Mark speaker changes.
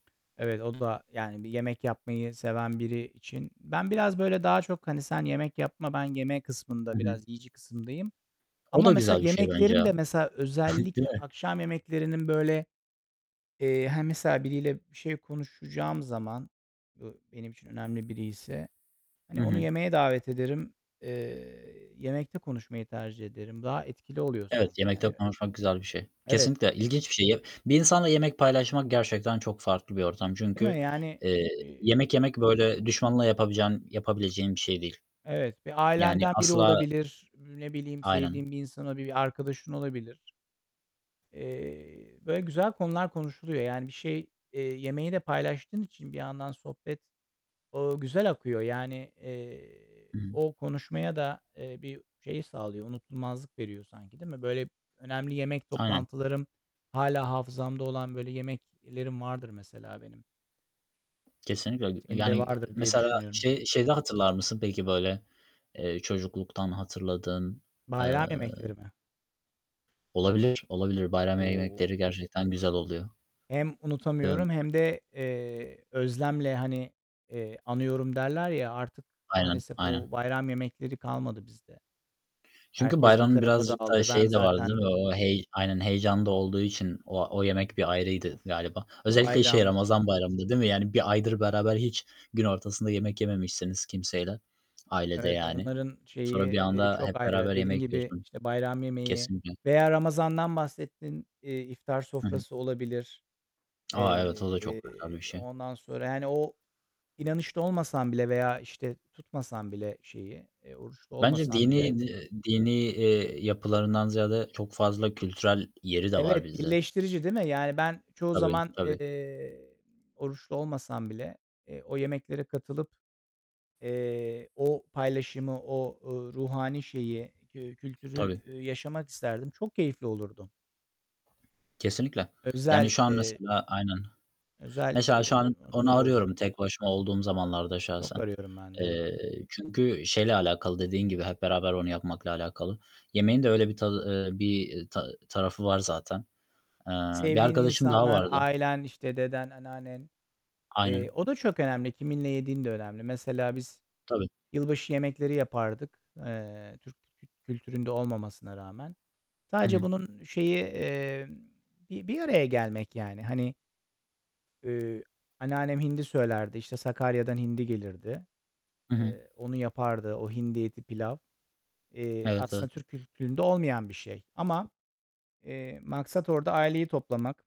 Speaker 1: Evet, o da, yani, bir yemek yapmayı seven biri için ben biraz, böyle, daha çok, hani, "Sen yemek yapma, ben yeme" kısmında,
Speaker 2: Hı hı.
Speaker 1: biraz yiyici kısımdayım.
Speaker 2: O
Speaker 1: Ama,
Speaker 2: da
Speaker 1: mesela,
Speaker 2: güzel bir şey bence
Speaker 1: yemeklerim
Speaker 2: ya,
Speaker 1: de, mesela,
Speaker 2: değil
Speaker 1: özellikle
Speaker 2: mi?
Speaker 1: akşam yemeklerinin, böyle, eee, hani, mesela, biriyle bir şey konuşacağım zaman, bu benim için önemli biriyse, hani,
Speaker 2: Hı
Speaker 1: onu
Speaker 2: hı.
Speaker 1: yemeğe davet ederim. Eee, yemekte konuşmayı tercih ederim. Daha etkili oluyor
Speaker 2: Evet,
Speaker 1: sanki,
Speaker 2: yemekte
Speaker 1: yani, ö
Speaker 2: konuşmak güzel bir şey.
Speaker 1: Evet.
Speaker 2: Kesinlikle ilginç bir şey. Ya, bir insanla yemek paylaşmak gerçekten çok farklı bir ortam.
Speaker 1: Değil
Speaker 2: Çünkü,
Speaker 1: mi? Yani,
Speaker 2: eee,
Speaker 1: eee
Speaker 2: yemek yemek, böyle, düşmanla yapabilecen yapabileceğin bir şey değil.
Speaker 1: Evet, bir
Speaker 2: Yani,
Speaker 1: ailenden biri
Speaker 2: asla
Speaker 1: olabilir, ne bileyim,
Speaker 2: Aynen.
Speaker 1: sevdiğin bir insan olabilir, bir arkadaşın olabilir. Eee, böyle güzel konular konuşuluyor. Yani, bir şey, eee, yemeği de paylaştığın için bir yandan sohbet, o güzel akıyor. Yani, eee,
Speaker 2: Hı hı.
Speaker 1: o konuşmaya da, eee, bir şey sağlıyor, unutulmazlık veriyor sanki, değil mi? Böyle önemli yemek
Speaker 2: Aynen.
Speaker 1: toplantılarım hâlâ hafızamda olan böyle yemeklerim vardır mesela, benim.
Speaker 2: Kesinlikle, öyle.
Speaker 1: Senin de
Speaker 2: Yani,
Speaker 1: vardır diye
Speaker 2: mesela,
Speaker 1: düşünüyorum.
Speaker 2: şey şeyde hatırlar mısın, peki, böyle, eee, çocukluktan hatırladığın, eee
Speaker 1: Bayram yemekleri mi?
Speaker 2: Olabilir, olabilir. Bayram ye
Speaker 1: O!
Speaker 2: yemekleri gerçekten güzel oluyor.
Speaker 1: Hem
Speaker 2: Değil mi?
Speaker 1: unutamıyorum hem de, eee, özlemle, hani, eee, anıyorum derler, ya, artık
Speaker 2: Aynen,
Speaker 1: maalesef
Speaker 2: aynen.
Speaker 1: o bayram yemekleri kalmadı bizde,
Speaker 2: Çünkü
Speaker 1: herkes bir
Speaker 2: bayramın
Speaker 1: tarafa
Speaker 2: birazcık da
Speaker 1: dağıldı. Ben
Speaker 2: şeyi de vardı, değil
Speaker 1: zaten
Speaker 2: mi? O hey Aynen, heyecan da olduğu için o a o yemek bir ayrıydı
Speaker 1: Uf!
Speaker 2: galiba. Özellikle, şey,
Speaker 1: Bayram.
Speaker 2: Ramazan Bayramı'nda, değil mi? Yani, 1 aydır beraber hiç gün ortasında yemek yememişsiniz kimseyle, ailede,
Speaker 1: Evet,
Speaker 2: yani.
Speaker 1: onların şeyi,
Speaker 2: Sonra bir
Speaker 1: eee,
Speaker 2: anda hep
Speaker 1: çok
Speaker 2: beraber
Speaker 1: ayrı. Dediğin
Speaker 2: yemek
Speaker 1: gibi,
Speaker 2: yiyorsun.
Speaker 1: işte, bayram yemeği
Speaker 2: Kesinlikle.
Speaker 1: veya Ramazan'dan bahsettin, eee, iftar
Speaker 2: Hı hı.
Speaker 1: sofrası olabilir.
Speaker 2: A! Evet, o da çok güzel bir
Speaker 1: Eee,
Speaker 2: şey.
Speaker 1: ondan sonra, yani, o inanışta olmasan bile veya, işte, tutmasan bile şeyi, eee, oruçlu
Speaker 2: Bence
Speaker 1: olmasan
Speaker 2: dini,
Speaker 1: bile
Speaker 2: eee, di dini, eee, yapılarından ziyade çok fazla kültürel yeri de var
Speaker 1: Evet,
Speaker 2: bizde.
Speaker 1: birleştirici, değil mi? Yani, ben çoğu
Speaker 2: Tabii,
Speaker 1: zaman,
Speaker 2: tabii.
Speaker 1: eee, oruçlu olmasam bile, eee, o yemeklere katılıp, eee, o paylaşımı, o, ııı, ruhani şeyi, kü kültürü
Speaker 2: Tabii.
Speaker 1: yaşamak isterdim. Çok keyifli olurdu.
Speaker 2: Kesinlikle. Yani,
Speaker 1: Özel,
Speaker 2: şu an,
Speaker 1: eee
Speaker 2: mesela Aynen.
Speaker 1: özel,
Speaker 2: Mesela, şu
Speaker 1: eee,
Speaker 2: an onu
Speaker 1: anıları
Speaker 2: arıyorum
Speaker 1: olurdu.
Speaker 2: tek başıma olduğum zamanlarda
Speaker 1: Evet, Çok
Speaker 2: şahsen.
Speaker 1: arıyorum ben de, evet.
Speaker 2: Eee, çünkü şeyle alakalı, dediğin gibi hep beraber onu yapmakla alakalı. Yemeğin de öyle bir tadı, eee, bir ta tarafı var zaten. Eee, bir
Speaker 1: Sevdiğin
Speaker 2: arkadaşım daha
Speaker 1: insanlar,
Speaker 2: vardı.
Speaker 1: ailen, işte, deden, anneannen. Eee,
Speaker 2: Aynen.
Speaker 1: o da çok önemli. Kiminle yediğin de önemli. Mesela, biz
Speaker 2: Tabii.
Speaker 1: yılbaşı yemekleri yapardık. Eee, Türk kül kültüründe olmamasına rağmen.
Speaker 2: Hı
Speaker 1: Sadece
Speaker 2: hı.
Speaker 1: bunun şeyi, eee, bir bir araya gelmek, yani. Hani eee, anneannem hindi söylerdi, işte, Sakarya'dan hindi gelirdi,
Speaker 2: Hı hı.
Speaker 1: eee, onu yapardı. O hindi eti, pilav. Eee,
Speaker 2: Evet, evet.
Speaker 1: aslında Türk kültüründe olmayan bir şey ama, eee, maksat orada aileyi toplamak.